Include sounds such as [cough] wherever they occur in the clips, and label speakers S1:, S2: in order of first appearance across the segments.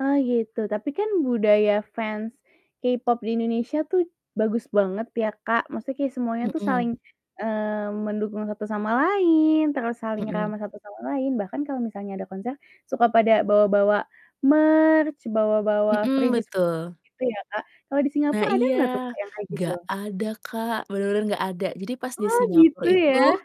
S1: Ah, iya itu, tapi kan budaya fans, K-pop di Indonesia tuh bagus banget ya, Kak, maksudnya kayak semuanya tuh saling,
S2: Mhm.
S1: eee, mendukung satu sama lain terus saling
S2: Mhm.
S1: ramah satu sama lain, bahkan kalau misalnya ada konser, suka pada bawa-bawa merch bawa-bawa
S2: Mhm,
S1: freebies
S2: betul.
S1: gitu ya, Kak, kalau di Singapora
S2: Nah,
S1: ada
S2: iya.
S1: nggak tuh Kak yang kayak gitu?
S2: Nggak ada, Kak, bener-bener nggak ada, jadi pas di
S1: Oh,
S2: Singapura
S1: gitu
S2: itu
S1: ya?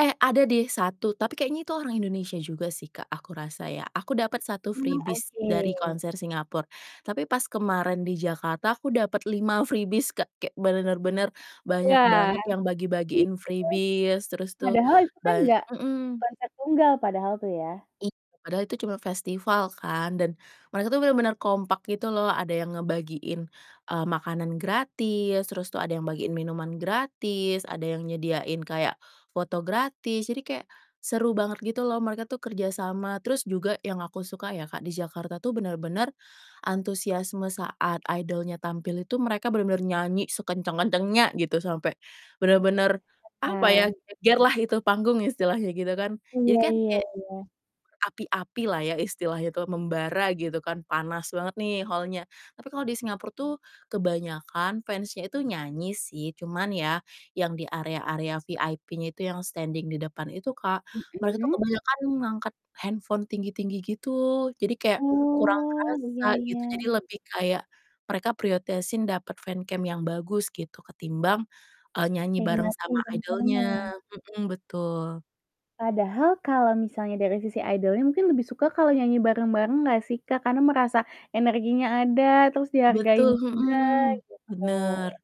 S2: eh, ada deh 1, tapi kayaknya itu orang Indonesia juga sih, Kak, aku rasa ya, aku dapet 1
S1: Oh,
S2: freebies dari
S1: oke.
S2: konser Singapura, tapi pas kemarin di Jakarta aku dapet 5 freebies, Kak, kayak benar-benar
S1: Iya,
S2: banyak banget yang
S1: iya,
S2: bagi-bagiin freebies, terus tuh
S1: padahal itu kan
S2: ba
S1: nggak
S2: mhm.
S1: konser tunggal padahal itu ya?
S2: Iya padahal itu cuman festival kan, dan mereka tuh bener-bener kompak gitu loh, ada yang ngebagiin, eee, makanan gratis, terus tuh ada yang bagiin minuman gratis, ada yang nyediain kayak foto gratis, jadi kayak, seru banget gitu loh, mereka tuh kerjasama, terus juga yang aku suka ya, Kak, di Jakarta tuh bener-bener, antusiasme saat idol-nya tampil itu mereka bener-bener nyanyi sekencang-kencangnya, gitu, sampai, bener-bener apa ya,
S1: [unintelligible]
S2: geger lah itu panggung istilahnya, gitu kan, jadi
S1: Iya
S2: kan
S1: iya
S2: kayak,
S1: iya.
S2: berapi-api lah ya istilahnya tuh, membara gitu kan panas banget nih hall-nya. Tapi kalau di Singapura tuh kebanyakan fans-nya itu nyanyi sih, cuman ya, yang di area-area VIP-nya itu yang standing di depan itu, Kak, mereka tuh
S1: Mhm.
S2: kebanyakan ngangkat handphone tinggi-tinggi gitu, jadi kayak kurang
S1: Oh,
S2: terasa
S1: iya
S2: gitu jadi
S1: iya.
S2: lebih kayak, mereka prioritasin dapet fancam yang bagus gitu ketimbang, eee, nyanyi bareng
S1: Nikmatin
S2: sama
S1: konsernya
S2: idol-nya,
S1: ya.
S2: mhm, betul.
S1: Padahal kalau misalnya dari sisi idol-nya mungkin lebih suka kalau nyanyi bareng-bareng nggak sih, Kak, karena merasa energinya ada, terus dihargain
S2: Betul,
S1: juga
S2: mhm,
S1: gitu.
S2: bener.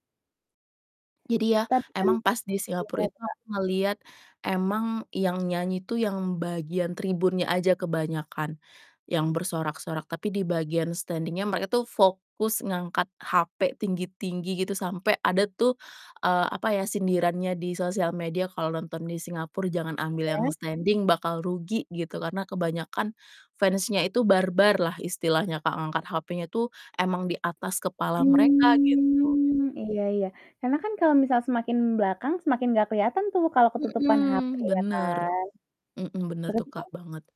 S2: Jadi ya,
S1: Tapi kan
S2: emang pas di Singapora
S1: gimana
S2: itu
S1: tuh, Kak?
S2: aku ngelihat, emang yang nyanyi tuh yang bagian tribunnya aja kebanyakan, yang bersorak-sorak, tapi di bagian standing-nya mereka tuh fokus ngangkat HP tinggi-tinggi gitu sampai ada tuh, eee, apa ya sindirannya di sosial media kalau nonton di Singapora jangan ambil yang
S1: Iya.
S2: standing bakal rugi, gitu, karena kebanyakan fans-nya itu barbar lah istilahnya, Kak, ngangkat HP-nya tuh emang di atas kepala mereka, gitu.
S1: Mmm, iya iya, karena kan kalau misal semakin belakang, semakin nggak kelihatan tuh kalau ketutupan HP,
S2: Mhm,
S1: ya
S2: bener.
S1: kan?
S2: Mhm, bener tuh,
S1: Berarti
S2: Kak,
S1: kan
S2: banget.